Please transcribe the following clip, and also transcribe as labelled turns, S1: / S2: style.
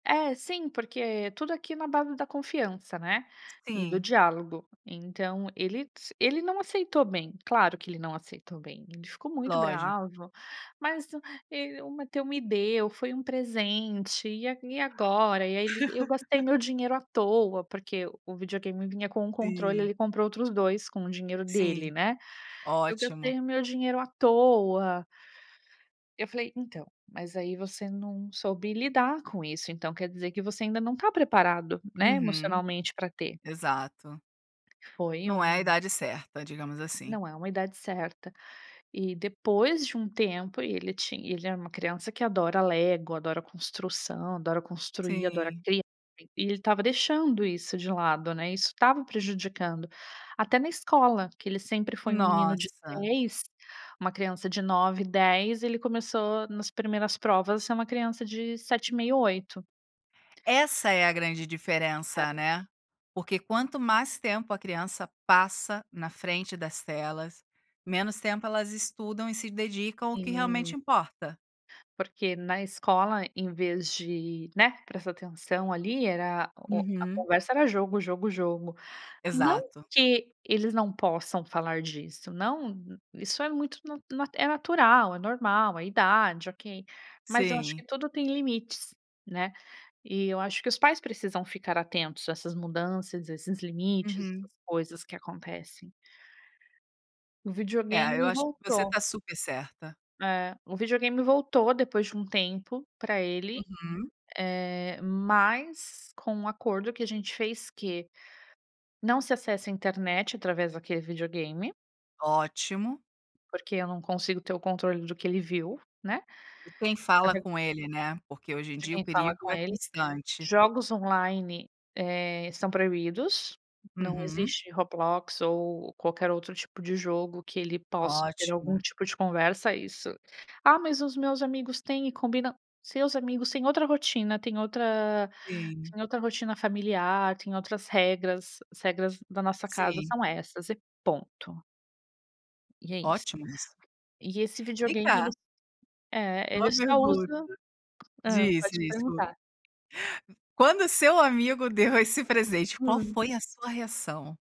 S1: É, sim, porque tudo aqui é na base da confiança, né, e do
S2: Sim.
S1: diálogo. Então ele s ele não aceitou bem, claro que ele não aceitou bem, ele ficou muito
S2: Lógico.
S1: bravo. "Mas e o Matteo me deu, foi um presente, e e agora?". E aí ele: "Eu gastei meu dinheiro à toa", porque o videogame vinha com 1 controle,
S2: Sim.
S1: ele comprou outros 2 com o dinheiro dele,
S2: Sim,
S1: né. "Eu
S2: ótimo.
S1: gastei o meu dinheiro à toa". Eu falei: "Então, mas aí você não soube lidar com isso, então quer dizer que você ainda não tá preparado, né,
S2: Uhum.
S1: emocionalmente pra ter".
S2: Exato.
S1: Foi
S2: Não é a
S1: um
S2: idade certa, digamos assim.
S1: Não é uma idade certa. E depois de um tempo, e ele ti ele era uma criança que adora lego, adora construção, adora construir, adora
S2: Sim.
S1: criar, e ele estava deixando isso de lado, né, isso estava prejudicando. Até na escola, que ele sempre foi um menino de
S2: Nossa.
S1: 10, uma criança de 9, 10, ele começou nas primeiras provas a ser uma criança de 7,5, 8.
S2: Essa é a grande diferença,
S1: [unintelligible]
S2: né. Porque quanto mais tempo a criança passa na frente das telas, menos tempo elas estudam e se dedicam ao que realmente
S1: Sim.
S2: importa.
S1: Porque na escola em vez de, né, prestar atenção ali, era o a
S2: Uhum.
S1: conversa era jogo, jogo, jogo. Não
S2: Exato.
S1: que eles não possam falar disso, não isso é muito nat é natural, é normal, é idade, ok. Mas eu acho
S2: Sim.
S1: que tudo tem limites, né. E eu acho que os pais precisam ficar atentos a essas mudanças, esses limites,
S2: Uhum.
S1: essas coisas que acontecem. O
S2: É, eu
S1: videogame
S2: acho que você
S1: voltou.
S2: tá super certa.
S1: É. O videogame voltou depois de um tempo para ele,
S2: Uhum.
S1: eh, mas com um acordo que a gente fez que: não se acessa a internet através daquele videogame
S2: Ótimo.
S1: porque eu não consigo ter o controle do que ele viu, né.
S2: E quem fala
S1: [unintelligible]
S2: com ele, né, porque hoje em
S1: De
S2: dia o
S1: quem fala
S2: perigo
S1: com
S2: é
S1: ele.
S2: constante.
S1: Jogos online, eh, são proibidos. Não
S2: Uhum.
S1: existe Roblox ou qualquer outro tipo de jogo que ele possa ter algum
S2: Ótimo.
S1: tipo de conversa isso "Ah, mas os meus amigos tem e combinam". "Seus amigos tem outra rotina, tem outra
S2: Sim.
S1: tem outra rotina familiar, tem outras regras, as regras da nossa casa
S2: Sim.
S1: são essas e ponto". E é isso.
S2: Ótimo isso.
S1: E esse
S2: Vem
S1: videogame ele
S2: cá
S1: é, ele
S2: uma
S1: só
S2: pergunta.
S1: usa hã,
S2: Disse
S1: pode
S2: [unintelligible]
S1: perguntar.
S2: Quando seu amigo deu esse presente, qual
S1: Hum.
S2: foi a sua reação?